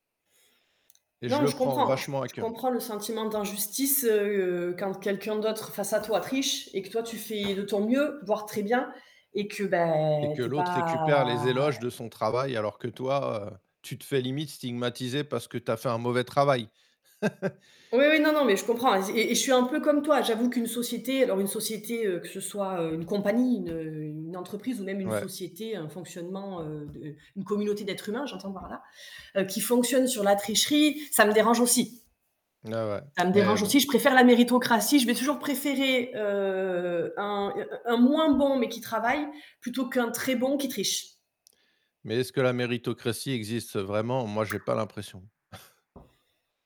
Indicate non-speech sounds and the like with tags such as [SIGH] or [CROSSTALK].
Et je Non, le je prends comprends je c vachement à je cœur. comprends le sentiment d'injustice, heu, quand quelqu'un d'autre face à toi triche et que toi tu fais de ton mieux, voire très bien, et que bah, Et que tu es l'autre récupère pas les éloges é de son travail alors que toi, heu, tu te fais limite stigmatiser parce que tu as fait un mauvais travail. [LAUGHS] Oui, oui, non, non, mais je comprends aze et et je suis un peu comme toi, j'avoue qu'une société, alors une société, heu, que ce soit, heu, une compagnie, une, heu, une entreprise ou même une Ouais. société, un fonctionnement, heu, de, une communauté d'êtres humains, j'entends par là. Heu, qui fonctionne sur la tricherie, ça me dérange aussi Bah, ouais, ça me mais dérange bon. aussi, je préfère la méritocratie, je vais toujours préférer, heu, un, heu heu, un moins bon, mais qui travaille, plutôt qu'un très bon qui triche. Mais est-ce que la méritocratie existe vraiment? Moi, j'ai pas l'impression. [CHUCKLES]